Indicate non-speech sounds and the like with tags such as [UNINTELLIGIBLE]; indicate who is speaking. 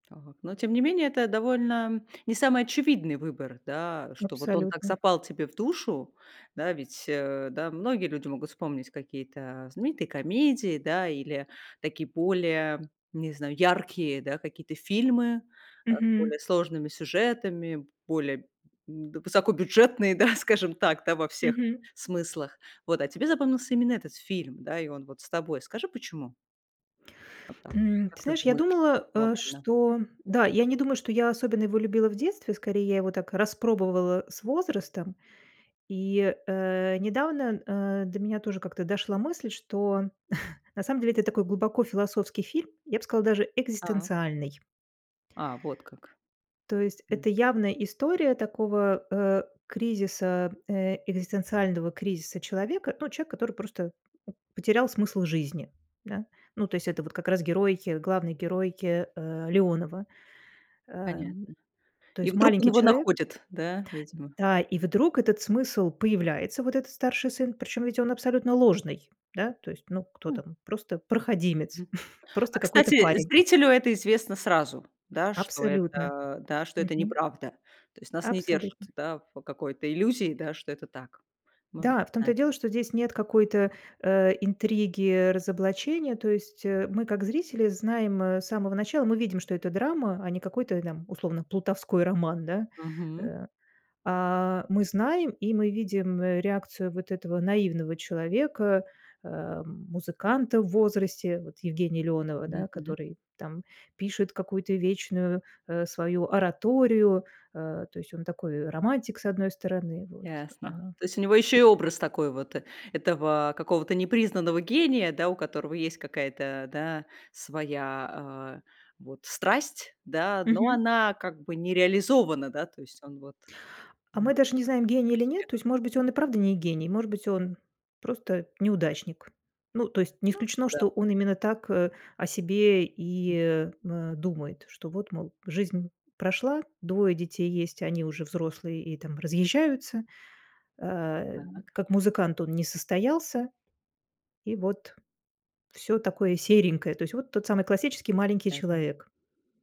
Speaker 1: Так. Но тем не менее, это довольно не самый очевидный выбор, да, что вот он так
Speaker 2: Абсолютно.
Speaker 1: запал тебе в душу. Да, ведь, э, да, многие люди могут вспомнить какие-то знаменитые комедии, да, или такие более, не знаю, яркие, да, какие-то фильмы, э, с
Speaker 2: Мгм.
Speaker 1: более сложными сюжетами, б более высокобюджетные, да, скажем так, да, во всех
Speaker 2: Мгм.
Speaker 1: смыслах, вот. А тебе запомнился именно этот фильм, да, и он вот с тобой. Скажи, почему? Вот так.
Speaker 2: М, ты
Speaker 1: Как ты
Speaker 2: знаешь, я
Speaker 1: думаешь
Speaker 2: думала, э,
Speaker 1: глобально?
Speaker 2: что да, я не думаю, что я особенно его любила в детстве, скорее я его так распробовала с возрастом. И, э, недавно, э, до меня тоже как-то дошла мысль, что [CHUCKLES] на самом деле это такой глубоко философский фильм, я б сказала, даже
Speaker 1: Та.
Speaker 2: экзистенциальный.
Speaker 1: А вот как.
Speaker 2: То есть
Speaker 1: М.
Speaker 2: это явная история такого, э, кризиса, э, экзистенциального кризиса человека, ну, человека, который просто потерял смысл жизни, да. Ну, то есть это вот как раз герой, главный герой, э, Леонова. Эм,
Speaker 1: Понятно.
Speaker 2: то
Speaker 1: И
Speaker 2: есть
Speaker 1: вдруг он
Speaker 2: маленький
Speaker 1: его
Speaker 2: человек.
Speaker 1: находит, да, видимо?
Speaker 2: Да, и вдруг этот смысл появляется, вот этот старший сын, причём ведь он абсолютно ложный. Да, то есть ну, кто
Speaker 1: М.
Speaker 2: там- просто проходимец,
Speaker 1: Мгм.
Speaker 2: [CHUCKLES]
Speaker 1: А,
Speaker 2: просто какой-то
Speaker 1: кстати,
Speaker 2: парень.
Speaker 1: зрителю это известно сразу, да, что
Speaker 2: Абсолютно.
Speaker 1: это да, что это
Speaker 2: Мгм.
Speaker 1: неправда? То есть нас не держат,
Speaker 2: Абсолютно.
Speaker 1: да, в какой-то иллюзии, да, что это так. Мы
Speaker 2: Да, в том-то и
Speaker 1: [UNINTELLIGIBLE]
Speaker 2: дело, что здесь нет какой-то, э, интриги, разоблачения, то есть, э, мы как зрители знаем, э, с самого начала, мы видим, что это драма, а не какой-то там условно плутовской роман, да,
Speaker 1: Мгм.
Speaker 2: э. А, мы знаем и мы видим, э, реакцию вот этого наивного человека, эм, музыканта в возрасте, вот Евгения Леонова, да,
Speaker 1: Мгм.
Speaker 2: который там пишет какую-то вечную, э, свою ораторию, э, то есть он такой романтик, с одной стороны, вот.
Speaker 1: Ясно.
Speaker 2: А
Speaker 1: То есть у него ещё и образ такой вот, этого какого-то непризнанного гения, да, у которого есть какая-то, да, своя, э, вот страсть, да, но
Speaker 2: Мгм.
Speaker 1: она как бы не реализована, да, то есть он вот
Speaker 2: А
Speaker 1: Да.
Speaker 2: мы даже не знаем, гений или нет. То
Speaker 1: Успех.
Speaker 2: есть, может быть, он и правда не гений, может быть, он просто неудачник. Ну, то есть, не
Speaker 1: Ну
Speaker 2: исключено, что он
Speaker 1: да-да.
Speaker 2: именно так, э, о себе и, э э думает, что: вот, мол, жизнь прошла, 2 детей есть, и они уже взрослые и, там, разъезжаются. Э,
Speaker 1: Так.
Speaker 2: как музыкант он не состоялся. И вот, всё такое серенькое, то есть вот тот самый классический маленький
Speaker 1: [UNINTELLIGIBLE]
Speaker 2: человек.